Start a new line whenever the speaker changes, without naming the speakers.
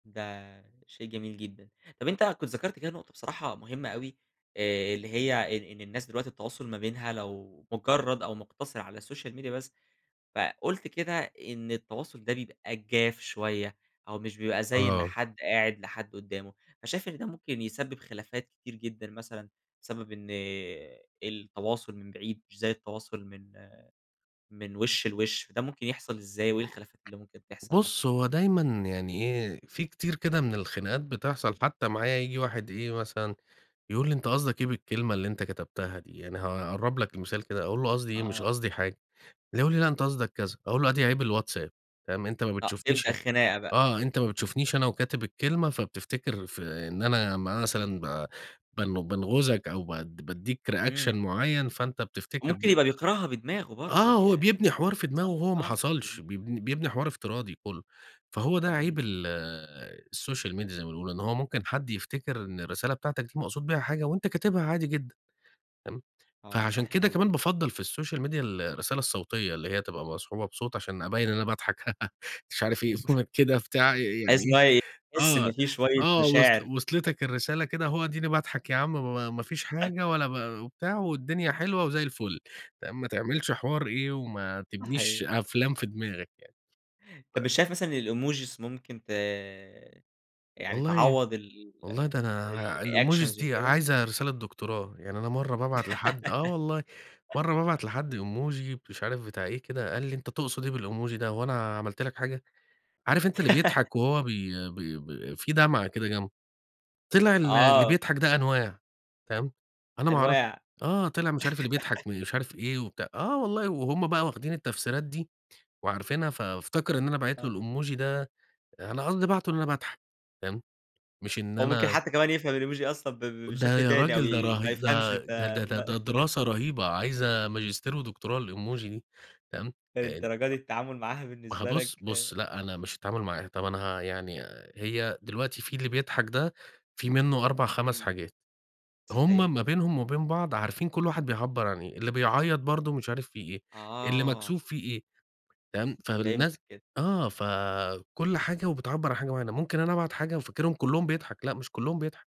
ده، شيء جميل جدًا، طَب أنت كُنت ذكرت كده نقطة، بصراحة مهمة أوي. آآ اللي هي إن إن الناس دلوقتي، التواصل ما بينها لو مجرد أو مقتصر على السوشيال ميديا بس، فقُلت كده، إن التواصل ده بيبقى جاف شوية، أو مش بيبقى زي إن
آه.
حدّ قاعِد لحَدّ قُدّامه، فشايف إن ده ممكن يسبب خلافات كتير جدًا مثلًا، بسبب إن التواصل من بعيد مش زي التواصل من من وِشّ لوِشّ. ده مُمكن يحصل إزاي وإيه الخلافات اللي مُمكن تحصل مثلًا؟
بُص هو دايمًا يعني، إيه في كتير كده من الخناقات بتحصل، حتى معايا ييجي واحد إيه مثلًا، يقول لي "أنت قصدك إيه بالكلمة اللي أنت كتبتها دي؟" يعني هاقرب لك مثال كده أقول له "قصدي إيه مش
آه.
قصدي حاجة" يقول لي "لا أنت قصدك كذا" أقول له "أدي عيب الWhatsApp" فاهم أنت ما
آه، تبدأ
بتشوفنيش
خناقة، بقى.
آه أنت ما بتشوفنيش أنا وكاتب الكلمة فبتفتكر ف إن أنا مثلًا ب بن بانغُزَك أو بد بادِّيك reaction
إمم.
مُعين فأنت بتفتكر
وممكن
ب
يبقى بيقرأها بدماغه
آه،
برضه،
هو
يعني
بيبني حوار في دماغه
صح
وهو ما
آه،
حصلش
مضبوط.
بيبن بيبني حوار افتراضي كلّه فهو ده عيب
اهم.
ال السوشيال ميديا زي ما بنقول، لأن هو ممكن حدّ يفتكر، إن الرسالة بتاعتك دي مقصود بيها حاجة، وأنت كاتبها عادي جدًا. فهِمت،
آه
فعشان
صحيح،
كده
والله.
كمان بافضّل في السوشيال ميديا ال الرسالة الصوتية اللي هي تبقى مصحوبة بصوت عشان أبين إن أنا باضحك مش عارف إيه Comic كده بتاع ي
تحسّ إن
يعني
هو ي تحسّ إن
آه،
في شوية
آه وصل
مشاعر.
وصلتك الرسالة
[unintelligible]
كده، أهو اديني باضحك يا عم ب ما ما فيش حاجة ولا ب وبتاع والدنيا حلوة وزي الفل، تمام ما تعملش حوار إيه وما تبنيش
صَحِي
أفلام في دماغك يعني ف
طَب، مش شايف مثلًا الemojis مُمكن ت يعني
والله
تعوض ال
والله ده أنا
ال
ع الemojis
الreactions
دي
وكده؟
عايزة رسالة دكتوراه، يعني أنا مرّة بابعت لحدّ آه والله مرّة بابعت لحدّ emoji مش عارف بتاع إيه كده قال لي "أنت تقصد إيه بالemoji ده، هو أنا عملت لك حاجة؟" عارف أنت اللي بيضحك وهو بي ب ب في دمعة كده جنبه. طلع ال اللي
آه.
بيضحك ده أنواع. فاهم، أنا ما أعرف
أنواع
آه طلع مش عارف اللي بيضحك، مش عارف إيه وبتاع آه والله وهُم بقى واخدين التفسيرات دي وعارفينها، فافتكر إن أنا باعت له
آه.
الemoji ده، أنا قصدي باعته، إن أنا باضحك، تمام. مش إن
هو مُمكن
أنا
حتى كمان يفهم الemoji أصلًا ب ب
ده
بشكل
يا
تاني، أو
راجل، ده
ي ما
رهي
يفهمش
ده
أنت
ده ده ده
ده
ده دراسة رهيبة عايزة ماجستير ودكتوراه الemoji دي فاهم، [unintelligible]
للدرجة دي، التعامل معاها
ما هو
بالنسبة
بُص،
لَك آآ
بُص لأ، أنا مش التعامل معاها. طَب، أنا ه يعني هي دلوقتي في اللي بيضحك ده في منه 4 5
إمم،
حاجات
صحيح.
هُم ما بينهم وبين بعض عارفين كل واحد بيعبّر عن إيه، اللي بيعيّط برضه مش عارف في إيه، اللي
آه.
مكسوف في إيه تمام. فالناس
فهمتَك كده.
آه فكل حاجة وبتعبّر عن حاجة مُعينة. ممكن أنا أبعت حاجة وفاكرهم كلّهم بيضحك. لأ، مش كلّهم بيضحك.